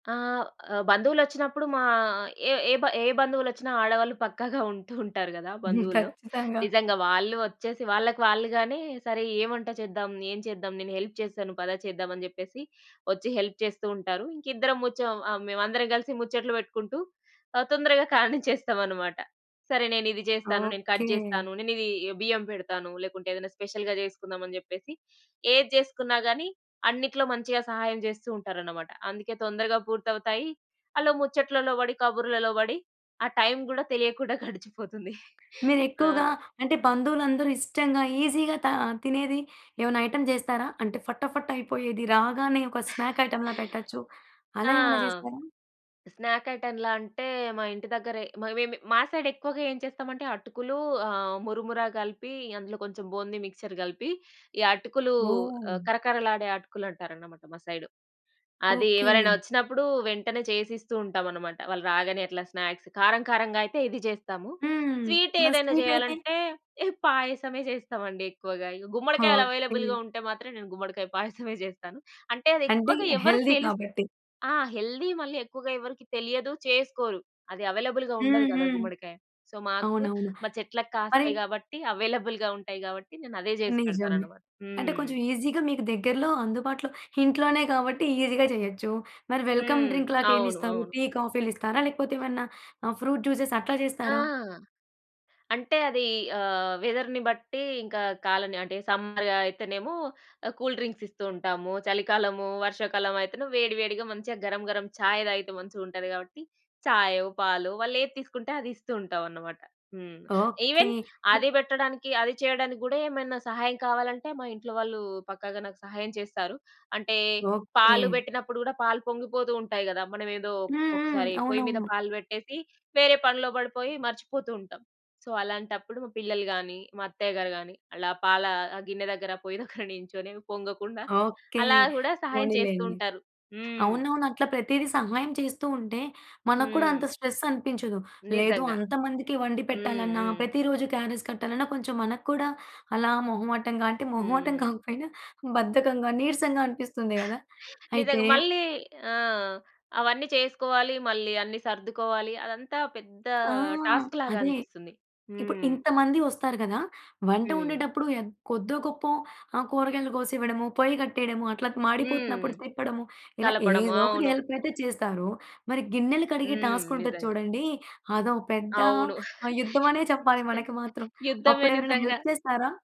ఆహ్, ఆహ్, బంధువులొచ్చినప్పుడు మా ఏ ఏ బ ఏ బంధువులొచ్చిన ఆడవాళ్ళు పక్కాగా ఉంటూ ఉంటారు గదా హ్మ్. బంధువుల్లో. ఖచ్చితంగా. నిజంగా. వాళ్ళు ఒచ్చేసి, వాళ్ళకి వాళ్ళుగానే "సరే ఏ వంట చేద్దాం? ఏం చేద్దాం? నేను హెల్ప్ చేస్తాను. పద చేద్దాం" అని చెప్పేసి ఒచ్చి హెల్ప్ చేస్తూ ఉంటారు. ఇంకిద్దరం ముచ్చం ఆహ్, మేమందరం గలిసి ముచ్చట్లు వెట్టుకుంటూ, ఆహ్, తొందరగా కానిచ్చేస్తామనమాట. "సరే, నేనిది జేస్తాను. నేను ఓకే. కట్ జేస్తాను. నేనిదీ బియ్యం పెడతాను. లేకుంటే, ఏదన్నా స్పెషల్‌గా జేసుకుందామని" చెప్పేసి ఏది జేసుకున్నా గానీ, అన్నిటిలో మంచిగా సహాయం జేస్తూ ఉంటారనమాట. అందుకే తొందరగా పూర్తవుతాయి. అలా ముచ్చట్లలో బడి, కబుర్లలో బడి ఆ టైమ్ గూడా తెలియకుండా గడిచిపోతుంది. మీరు ఆ! ఎక్కువగా, అంటే బంధువులందరూ ఇష్టంగా, ఈజీగా తా తినేది ఏవన్నా ఐటెమ్ జేస్తారా? అంటే ఫట ఫట్ అయిపోయేది. రాగానే ఒక స్నాక్ ఐటెమ్‌లా పెట్టొచ్చు. అలా ఆ! ఏమన్నా జేస్తారా? స్నాక్ ఐటం‌లా అంటే, మా ఇంటి దగ్గరే, మా వేమి మా సైడెక్కువగా ఏం చేస్తామంటే అటుకులూ, ఆహ్, మురుమురా కలిపి అందులో కొంచం బూంది మిక్చర్ గలిపి, ఈ అటుకులూ ఓహ్! ఆహ్, కరకరలాడే అటుకులు అంటారనమాట మా సైడు. అది ఎవరైనా ఓకే. ఒచ్చినప్పుడూ వెంటనే చేసిస్తూ ఉంటామనమాట, వాళ్ళు రాగానే అట్లా స్నాక్స్. కారం కారంగా అయితే ఇది జేస్తాము, హ్మ్. మన స్వీటేదైనా స్వీటయితే? జెయ్యాలంటే, ఇహ పాయసమే చేస్తామండి ఎక్కువగా. ఇవి గుమ్మడికాయలు ఓకే. అవైలబుల్‌గా ఉంటే మాత్రం నేను గుమ్మడికాయ పాయసమే జేస్తాను. అంటే, అది అంటే, ఎక్కువగా ఎవ్వరు హెల్తీ తెలుస్ కాబట్టి. ఆ! హెల్దీ మళ్ళీ ఎక్కువగా ఎవరికీ తెలియదు, చేసుకోరు. అది అవైలబుల్‌గా హ్మ్. ఉండదు గదా హ్మ్. గుమ్మడికాయ. సో, మాకు అవునవును. మా చెట్లకు మరి కాస్తాయి గాబట్టి, అవైలబుల్‌గా ఉంటాయి గాబట్టి, నేనదే జేసి నిజమే. పెడతాననమాట. అంటే, హ్మ్. కొంచెం ఈజీ‌గా మీకు దగ్గరలో, అందుబాటులో, ఇంట్లోనే గాబట్టి ఈజీ‌గా జెయచ్చు. మరి వెల్కమ్‌ హ్మ్. అవును. డ్రింక్‌లాగేమిస్తారు? అవును. టీ, కాఫీలిస్తారా? లేకపోతే, ఏవన్నా ఆహ్, ఫ్రూట్ జ్యూసెస్, అట్లా ఆ! చేస్తారా? అంటే, అదీ ఆహ్, వెదర్‌ని బట్టీ, ఇంకా కాలని అంటే, సమ్మర్ ఆహ్, అయితేనేమో ఆహ్, కూల్‌డ్రింక్సిస్తూ ఉంటాము. చలికాలము, వర్షాకాలవయితెను వేడివేడిగా మంచిగా గరం‌గరం చాయ్ దాగితే మంచిగుంటది గాబట్టి, చాయో, పాలో వాళ్ళేది తీసుకుంటే అది ఇస్తూ ఉంటావన్నమాట. హ్మ్. ఓకే. ఈవెన్ అదీ బెట్టడానికి, అది చెయడానికి గూడా ఏమైనా సహాయం కావాలంటే, మా ఇంట్లోవాళ్ళూ పక్కాగా నాకు సహాయం చేస్తారు. అంటే, పాలు ఓకే. బెట్టినప్పుడు గూడా పాలు పొంగిపోతూ ఉంటాయి గదా! మనమేదో హ్మ్. హ్మ్. ఒకొక్కసారి పొయ్యి మీద అవునవును. పాలు బెట్టేసి, వేరే పనిలో బడిపోయి మర్చిపోతూ ఉంటాం. సో, అలాంటప్పుడు మా పిల్లలు గానీ, మా అత్తయ్య గారు గానీ, అలా పాలా ఆహ్, గిన్నె దగ్గర, పొయ్యి దగ్గర నించొని పొంగకుండా, ఓకే. అలా గూడా సహాయం చేస్తూ పోనిలేండి. ఉంటారు. హ్మ్. అవునవును. అట్లా ప్రతీది సహాయం చేస్తూ ఉంటే, మనకు కూడా అంత హ్మ్. స్ట్రెస్సనిపించదు. లేదు, నిజంగా. అంత మందికి వండి హ్మ్. పెట్టాలన్నా, హ్మ్. ప్రతి రోజు క్యారేజ్ కట్టాలన్నా, కొంచం మనకు కూడా అలా మొహమాటం‌గా, అంటే, మొహమాటం హ్మ్. కాకపోయినా బద్ధకంగా, నీరసంగా అనిపిస్తుంది గదా! అయితే నిజంగా. మళ్ళీ ఆ! అవన్నీ చేసుకోవాలి. మళ్ళీ అన్ని సర్దుకోవాలి. అదంతా పెద్దా ఆ! టాస్క్‌లాగా అదే. అనిపిస్తుంది. ఇప్పుడు హ్మ్. ఇంతమంది వస్తారు గదా! వంట హ్మ్. ఒండేటప్పుడు యగ్ కొద్దోగొప్పో ఆహ్, కూరగాయలు గోసివ్వడము, పొయ్యి కట్టెయడము, అట్లా త్ హ్మ్. మాడిపోతున్నప్పుడు తిప్పడము, ఇలా కలపడము. ఏదో ఒకటి అవును. హెల్పయితే చేస్తారు. మరి గిన్నెలు కడిగే హ్మ్. టాస్కుంటది నిజంగా. చూడండీ, అదో పెద్ద అవును. ఆహ్, యుద్ధమనే చెప్పాలి మనకి మాత్రం. యుద్ధమే అప్పుడెవరైనా నిజంగా. హెల్ప్ చేస్తారా?